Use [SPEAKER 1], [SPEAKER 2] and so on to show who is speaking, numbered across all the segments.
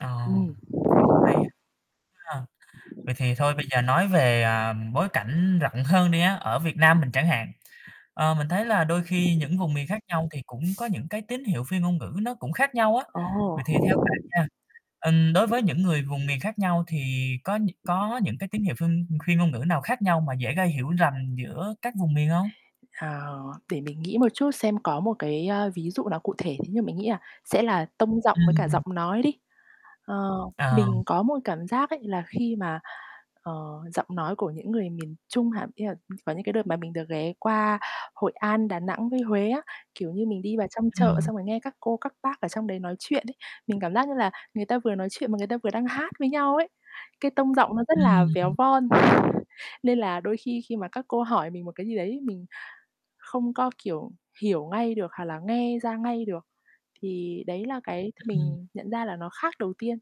[SPEAKER 1] Ờ,
[SPEAKER 2] Ừm.
[SPEAKER 1] cũng hay á ha. Vậy thì thôi bây giờ nói về, à, bối cảnh rộng hơn đi á, ở Việt Nam mình chẳng hạn, ờ, mình thấy là đôi khi những vùng miền khác nhau thì cũng có những cái tín hiệu phi ngôn ngữ nó cũng khác nhau á.
[SPEAKER 2] Ồ.
[SPEAKER 1] Vậy thì theo bạn nha, ừm, đối với những người vùng miền khác nhau thì có nh có những cái tín hiệu phi phi ngôn ngữ nào khác nhau mà dễ gây hiểu rầm giữa các vùng miền hông?
[SPEAKER 2] Ờ, để mình nghĩ một chút xem có một cái, a, ví dụ nó cụ thể, thế nhưng mà mình nghĩ là sẽ là tông giọng, với cả
[SPEAKER 1] Ừm.
[SPEAKER 2] giọng nói đi. Ờ,
[SPEAKER 1] Ờ.
[SPEAKER 2] mình có một cảm giác ấy là khi mà, ờ, giọng nói của những người miền Trung hả, ý là có những cái đợt mà mình được ghé qua Hội An, Đà Nẵng, với Huế á, kiểu như, mình đi vào trong chợ
[SPEAKER 1] Ừm.
[SPEAKER 2] xong rồi nghe các cô, các bác ở trong đấy nói chuyện ấy mình cảm giác như là người ta vừa nói chuyện mà người ta vừa đang hát với nhau ấy, cái tông giọng nó rất là
[SPEAKER 1] Ừm.
[SPEAKER 2] véo von. Nên là đôi khi khi mà các cô hỏi mình một cái gì đấy mình không có, kiểu, hiểu ngay được, hoặc là nghe ra ngay được. Thì đấy là cái th
[SPEAKER 1] Ừm.
[SPEAKER 2] mình nhận ra là nó khác đầu tiên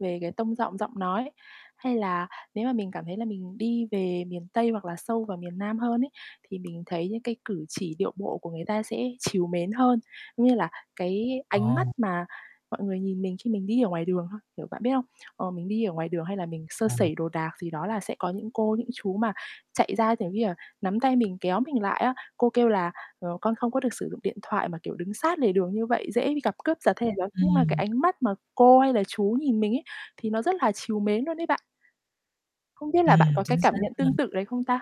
[SPEAKER 2] về cái tông giọng, giọng nói. Hay là nếu mà mình cảm thấy là mình đi về miền Tây, hoặc là sâu vào miền Nam hơn ấy thì mình thấy những cái cử chỉ, điệu bộ của người ta sẽ trìu mến hơn, giống như là cái ánh mắt
[SPEAKER 1] Ồ.
[SPEAKER 2] mà mọi người nhìn mình khi mình đi ở ngoài đường thôi, kiểu, bạn biết không? Ờ, mình đi ở ngoài đường, hay là mình sơ
[SPEAKER 1] Ừm.
[SPEAKER 2] sẩy đồ đạc gì đó là sẽ có những cô, những chú mà chạy ra, giống như là, nắm tay mình kéo mình lại á, cô kêu là, ờ, "Con không có được sử dụng điện thoại mà, kiểu, đứng sát lề đường như vậy, dễ bị gặp cướp giật hay gì đó." Nhưng mà cái
[SPEAKER 1] Ừm.
[SPEAKER 2] ánh mắt mà cô, hay là chú nhìn mình ấy thì nó rất là trìu mến luôn đấy bạn. Không biết là bạn
[SPEAKER 1] Ừm,
[SPEAKER 2] có cái
[SPEAKER 1] chính
[SPEAKER 2] cảm
[SPEAKER 1] xác
[SPEAKER 2] nhận tương
[SPEAKER 1] luôn.
[SPEAKER 2] tự đấy không ta?